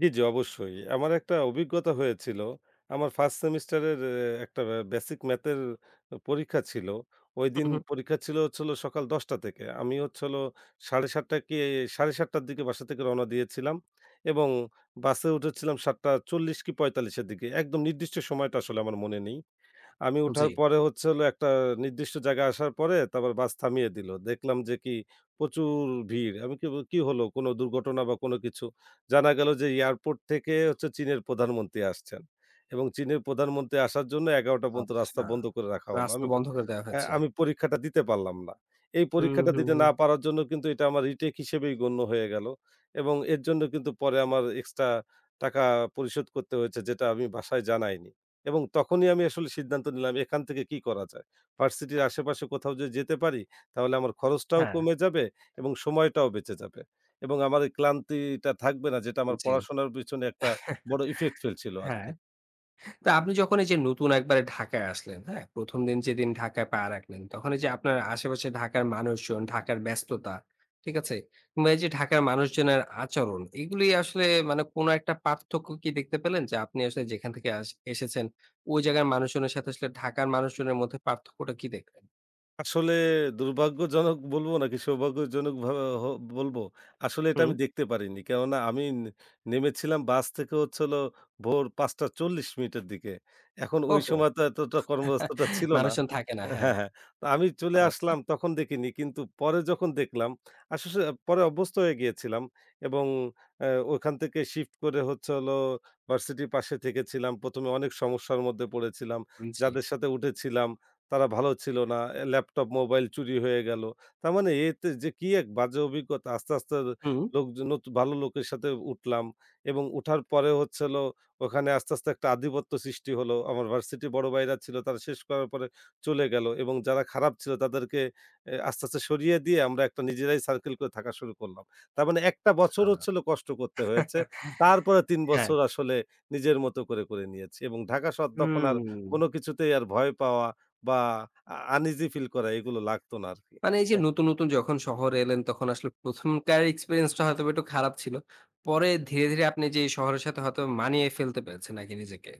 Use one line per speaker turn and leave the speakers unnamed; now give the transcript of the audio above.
জি, জি, অবশ্যই। আমার একটা অভিজ্ঞতা হয়েছিল, আমার ফার্স্ট সেমেস্টারের একটা বেসিক ম্যাথের পরীক্ষা ছিল।
হুম,
ঐদিন
হুম।
পরীক্ষা ছিল হচ্ছিল সকাল ১০টা থেকে। আমি হচ্ছিল ৭:৩০ কি ৭:৩০টার দিকে বাসা থেকে রওনা দিয়েছিলাম এবং বাসে উঠেছিলাম ৭:৪০ কি ৪৫-এর দিকে। একদম নির্দিষ্ট সময়টা আসলে আমার মনে নেই। আমি উঠার
জি।
পরে হচ্ছে হলো একটা নির্দিষ্ট জায়গায় আসার পরে, তারপর বাস থামিয়ে দিল। দেখলাম যে, কি প্রচুর ভিড়। আমি কেবল কি হলো কোন দুর্ঘটনা বা কোন কিছু জানা গেল যে, এয়ারপোর্ট থেকে হচ্ছে চীনের প্রধানমন্ত্রী আসছেন। এবং চীনের প্রধানমন্ত্রী আসার জন্য ১১টা পর্যন্ত
আচ্ছ,
রাস্তা বন্ধ করে রাখা হলো।
রাস্তা
আমি
বন্ধ করে দেয়া হয়েছে।
অ্যা পরীক্ষাটা দিতে পারলাম না। এই
হুম,
পরীক্ষাটা
হুম,
দিতে
হুম।
না পারার জন্য কিন্তু এটা আমার রিটেক হিসেবেই গণ্য হয়ে গেলো। এবং এর জন্য কিন্তু পরে আমার এক্সট্রা টাকা পরিশোধ করতে হয়েছে, যেটা আমি বাসায় জানাইনি। এবং তখনই আমি আসলে সিদ্ধান্ত নিলাম এখান থেকে কি করা যায়? ভার্সিটির আশেপাশে কোথাও যদি যেতে পারি, তাহলে আমার খরচটাও
হ্যা।
কমে যাবে এবং সময়টাও বেঁচে যাবে। এবং আমার এই ক্লান্তিটা থাকবে না যেটা আমার
জি।
পড়াশোনার পেছনে একটা বড় effect ফেলছিল
হ্যা।
আরকি।
তো আপনি যখন এই যে, নতুন একবারে ঢাকায় আসলেন, হ্যা? ১ম দিন যেদিন ঢাকায় পা রাখলেন তখন এই যে, আপনার আশেপাশে ঢাকার মানুষজন, ঢাকার ব্যস্ততা। ঠিক আছে? কিংবা এই যে, ঢাকার মানুষজনের আচরণ, এগুলোই আসলে মানে কোন একটা পার্থক্য কি দেখতে পেলেন যে, আপনি আসলে যেখান থেকে আস এসেছেন ওই জায়গার মানুষজনের সাথে আসলে ঢাকার মানুষজনের মধ্যে পার্থক্যটা কি দেখলেন?
আসলে দুর্ভাগ্যজনক বলব নাকি সৌভাগ্যজনক ভাবে বলব। আসলে এটা আমি
হুম।
দেখতে পারিনি। কেননা আমি নেমেছিলাম বাস থেকে হচ্ছিল ভোর ৫ঃ৪০ মিনিটের দিকে। এখন ঐ
ওহো।
সময় তো এতটা কর্মাবস্থাটা ছিল না।
মানুষজন থাকে না। হ্যা।
হ্যা, হ্যা, তো আমি চলে আসলাম
আচ্ছা।
তখন দেখিনি কিন্তু পরে যখন দেখলাম, আসলে পরে অভ্যস্ত হয়ে গিয়েছিলাম এবং অ্যা ওখান থেকে শিফট করে হচ্ছে হলো ভার্সিটির পাশে থেকে ছিলাম। ১ম এ অনেক সমস্যার মধ্যে পড়েছিলাম।
হুম, জি।
যাদের সাথে উঠেছিলাম তারা ভালো ছিল না। ল্যাপটপ মোবাইল চুরি হয়ে গেল। তার মানে এতে যে, কি এক বাজে অভিজ্ঞতা আস্তে, আস্তে
হুম।
লোকজন ভালো লোকের সাথে উঠলাম এবং উঠার পরে হচ্ছিল ওখানে আস্তে, আস্তে একটা আধিপত্য সৃষ্টি হলো। আমার ভার্সিটি বড় ভাইরা ছিল তারা শেষ করার পরে চলে গেলো এবং যারা খারাপ ছিল তাদেরকে এ আস্তে, আস্তে সরিয়ে দিয়ে আমরা একটা নিজেরাই সার্কেল করে থাকা শুরু করলাম। তার মানে একটা বছর
আচ্ছা,
হচ্ছিল কষ্ট করতে হয়েছে। তারপরে তিন
হ্যা।
বছর আসলে নিজের মত করে, করে নিয়েছি। এবং ঢাকা শহর তখন আর
হুম।
কোন কিছুতেই আর ভয় পাওয়া বা uneasy ফিল করা এগুলো লাগতো না আরকি,
মানে এই যে,
হ্যা।
নতুন, নতুন যখন শহরে এলেন তখন আসলে প্রথমকার এক্সপেরিয়েন্স টা হয়তো একটু খারাপ ছিল। পরে ধীরে, ধীরে আপনি যে, শহরের সাথে হয়তো মানিয়ে ফেলতে পেরেছেন আরকি নিজেকে।